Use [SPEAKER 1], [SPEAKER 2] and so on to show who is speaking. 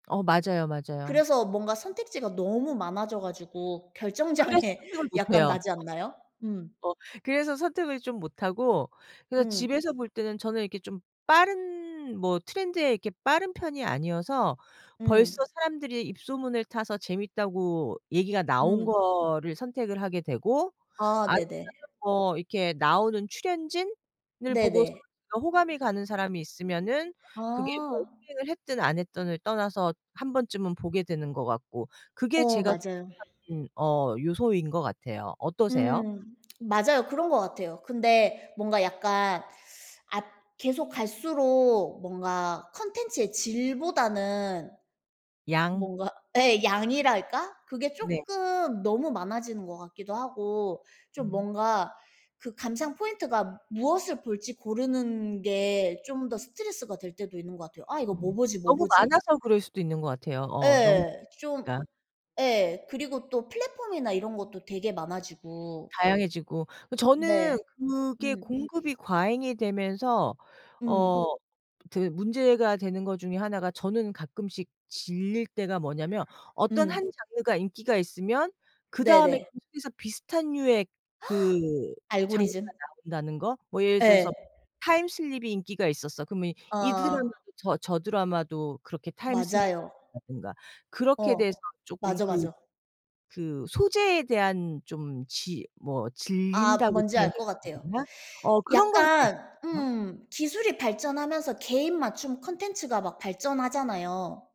[SPEAKER 1] 어 맞아요, 맞아요.
[SPEAKER 2] 그래서 뭔가 선택지가 너무 많아져 가지고
[SPEAKER 1] 그래서
[SPEAKER 2] 결정장애
[SPEAKER 1] 선택을 못
[SPEAKER 2] 약간
[SPEAKER 1] 해요.
[SPEAKER 2] 나지 않나요? 음.
[SPEAKER 1] 어 그래서 선택을 좀 못 하고 그래서
[SPEAKER 2] 음.
[SPEAKER 1] 집에서 볼 때는 저는 이렇게 좀 빠른 뭐 트렌드에 이렇게 빠른 편이 아니어서 벌써
[SPEAKER 2] 음.
[SPEAKER 1] 사람들이 입소문을 타서 재밌다고 얘기가 나온
[SPEAKER 2] 음.
[SPEAKER 1] 거를 선택을 하게 되고
[SPEAKER 2] 아
[SPEAKER 1] 아니면은
[SPEAKER 2] 네네.
[SPEAKER 1] 뭐 이렇게 나오는 출연진을 보고
[SPEAKER 2] 네네.
[SPEAKER 1] 제가 호감이 가는 사람이 있으면은 그게 뭐
[SPEAKER 2] 아.
[SPEAKER 1] 흥행을 했든 안 했든을 떠나서 1 번쯤은 보게 되는 것 같고 그게
[SPEAKER 2] 어
[SPEAKER 1] 제가
[SPEAKER 2] 맞아요.
[SPEAKER 1] 선택하는 어 요소인 것 같아요. 어떠세요?
[SPEAKER 2] 음. 맞아요. 그런 것 같아요. 근데 뭔가 약간 앗 계속 갈수록 뭔가 콘텐츠의 질보다는
[SPEAKER 1] 양.
[SPEAKER 2] 뭔가 예 양이랄까? 그게
[SPEAKER 1] 네.
[SPEAKER 2] 쪼끔 너무 많아지는 것 같기도 하고 좀
[SPEAKER 1] 음.
[SPEAKER 2] 뭔가 그 감상 포인트가 무엇을 볼지 고르는 게
[SPEAKER 1] 네.
[SPEAKER 2] 좀 더 스트레스가 될 때도 있는 것 같아요. '아 이거 뭐 보지 뭐
[SPEAKER 1] 너무
[SPEAKER 2] 보지?'
[SPEAKER 1] 많아서 그럴 수도 있는 것 같아요. 어 너무
[SPEAKER 2] 예 좀
[SPEAKER 1] 많으니까.
[SPEAKER 2] 예 그리고 또 플랫폼이나 이런 것도 되게 많아지고.
[SPEAKER 1] 다양해지고. 그
[SPEAKER 2] 네.
[SPEAKER 1] 저는 그게
[SPEAKER 2] 음.
[SPEAKER 1] 공급이 과잉이 되면서 어
[SPEAKER 2] 음.
[SPEAKER 1] 저기 문제가 되는 것 중에 하나가 저는 가끔씩 질릴 때가 뭐냐면 어떤
[SPEAKER 2] 음.
[SPEAKER 1] 1 장르가 인기가 있으면 그다음에
[SPEAKER 2] 네네.
[SPEAKER 1] 계속해서 비슷한 류의 그 장르가
[SPEAKER 2] 알고리즘.
[SPEAKER 1] 나온다는 거. 뭐 예를
[SPEAKER 2] 예.
[SPEAKER 1] 들어서 타임 슬립이 인기가 있었어. 그러면 이
[SPEAKER 2] 어.
[SPEAKER 1] 드라마도 저 저 드라마도 그렇게 타임 슬립이
[SPEAKER 2] 맞아요.
[SPEAKER 1] 나온다든가. 그렇게
[SPEAKER 2] 어.
[SPEAKER 1] 돼서 쪼끔
[SPEAKER 2] 맞아,
[SPEAKER 1] 그
[SPEAKER 2] 맞아.
[SPEAKER 1] 그 소재에 대한 좀 지 뭐
[SPEAKER 2] 아
[SPEAKER 1] 질린다고
[SPEAKER 2] 뭔지
[SPEAKER 1] 표현해야
[SPEAKER 2] 알 것 같아요.
[SPEAKER 1] 되나? 어 그런 거는 좀
[SPEAKER 2] 약간
[SPEAKER 1] 있어요.
[SPEAKER 2] 음 기술이 발전하면서 개인 맞춤 콘텐츠가 막 발전하잖아요.